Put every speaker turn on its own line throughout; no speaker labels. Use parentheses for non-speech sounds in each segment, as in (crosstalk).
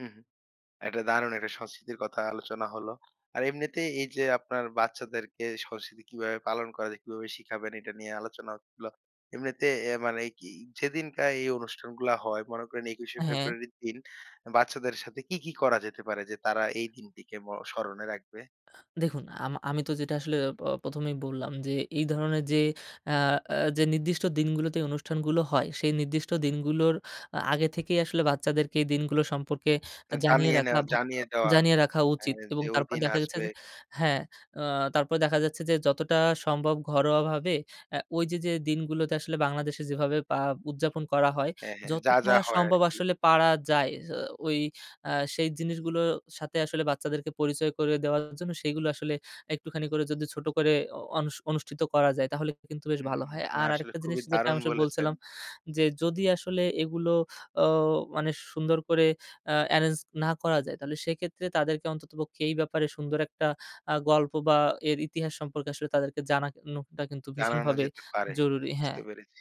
হু, হুম। একটা দারুণ একটা সংস্কৃতির কথা আলোচনা হলো। আর এমনিতে এইযে আপনার বাচ্চাদেরকে সংস্কৃতি কিভাবে পালন করা যায়, কিভাবে শিখাবেন এটা নিয়ে আলোচনা। (unintelligible) এমনিতে এ মানে কি যেদিনকার এই অনুষ্ঠানগুলা হয় মনে করেন একুশে
হ্যাঁ।
ফেব্রুয়ারি দিন বাচ্চাদের সাথে কি, কি, করা যেতে পারে যে, তারা এই দিনটিকে ম স্মরণে রাখবে?
দেখুন। আম আমি তো যেটা আসলে প ১ম এই বললাম যে, এই ধরনের যে, আ আ যে, নির্দিষ্ট দিনগুলোতে এই অনুষ্ঠানগুলো হয়, সেই নির্দিষ্ট দিনগুলোর আ আগে থেকেই আসলে বাচ্চাদেরকে এই দিনগুলো সম্পর্কে আ
না
জানিয়ে
জানিয়ে
রাখা
নেয়া
ভা
জানিয়ে দেওয়া
জানিয়ে রাখা
এ
উচিত। এবং
যে,
তারপর
ওইদিন
দেখা গেছে
আসবে।
যে হ্যাঁ। আ তারপরে দেখা যাচ্ছে যে, যতটা সম্ভব ঘরোয়াভাবে এ্যা ওইযে যে, দিনগুলোতে আসলে বাংলাদেশে যেভাবে পা উদযাপন করা হয়।
হ্যাঁ, হ্যাঁ। যা,
যতটা
যা হয়
সম্ভব
আরকি।
আসলে পারা যায় যে, ওই আ সেই জিনিসগুলো সাথে আসলে বাচ্চাদেরকে পরিচয় করে দেওয়ার জন্য সেগুলো আসলে একটুখানি করে যদি ছোট করে অ অনুস অনুষ্ঠিত করা যায় তাহলে কিন্তু বেশ
হুম,
ভালো হয়।
না
আর
আসলে
আরেকটা জিনিস
খুবই
যেটা
দারুণ
(unintelligible)
বলেছেন।
বলছিলাম যে, যদি আসলে এগুলো ও মানে সুন্দর করে আ এ্যারেঞ্জ না করা যায় তাহলে সেক্ষেত্রে তাদেরকে অন্ততপক্ষে এই ব্যাপারে সুন্দর একটা আ গল্প বা এর ইতিহাস সম্পর্কে আসলে তাদেরকে জানানোটা কিন্তু
জানানো
ভীষণভাবে
যেতে পারে।
জরুরি। হ্যাঁ।
বুঝতে পেরেছি।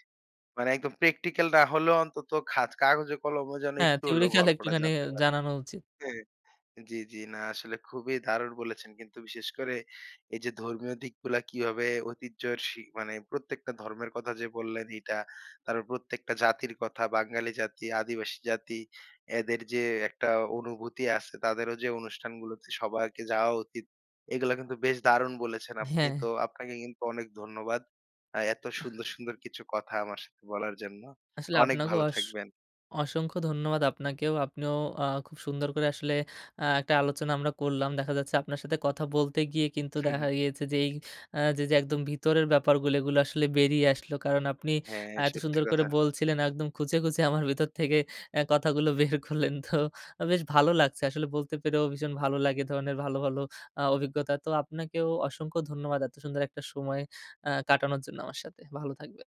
মানে একদম practical না হলেও অন্তত খাত কাগজে কলমে যেন
হ্যাঁ,
একটু হলেও
theoritical
গল্পটা
একটুখানি হে
জানতে পারে।
জানানো উচিত।
জ্বি, জ্বি, না আসলে খুবই দারুণ বলেছেন। কিন্তু বিশেষ করে এইযে ধর্মীয় দিকগুলা কিভাবে ঐতিহ্যের সি মানে প্রত্যেকটা ধর্মের কথা যে, বললেন, এটা। তারপর প্রত্যেকটা জাতির কথা, বাঙালি জাতি, আদিবাসী জাতি এদের যে, একটা অনুভূতি আছে তাদেরও যে, অনুষ্ঠানগুলোতে সবাইকে যাওয়া উচিত। এগুলো কিন্তু বেশ দারুণ বলেছেন আপনি।
হ্যাঁ।
তো আপনাকে কিন্তু অনেক ধন্যবাদ। আ এত
আহ।
সুন্দর, সুন্দর, কিছু কথা আমার সাথে বলার জন্য।
আসলে
অনেক
আপনাকেও
ভালো
অস
থাকবেন।
অসংখ্য ধন্যবাদ আপনাকেও আপনিও আ খুব সুন্দর করে আসলে আ একটা আলোচনা আমরা করলাম। দেখা যাচ্ছে আপনার সাথে কথা বলতে গিয়ে কিন্তু
হু, হুম।
দেখা গিয়েছে যে, এই আ যে যে, একদম ভিতরের ব্যাপারগুলি এগুলা আসলে বেরিয়ে আসলো। কারণ আপনি
হ্যাঁ,
এত
সত্যি
সুন্দর করে
কথা।
বলছিলেন একদম খুঁজে, খুঁজে, আমার ভিতর থেকে এ্যা কথাগুলো বের করলেন তো বেশ ভালো লাগছে আসলে বলতে পেরেও ভীষণ ভালো লাগে। এ ধরণের ভালো, ভালো আ অভিজ্ঞতা। তো আপনাকেও অসংখ্য ধন্যবাদ এত সুন্দর একটা সময় আ কাটানোর জন্য আমার সাথে। ভালো থাকবেন।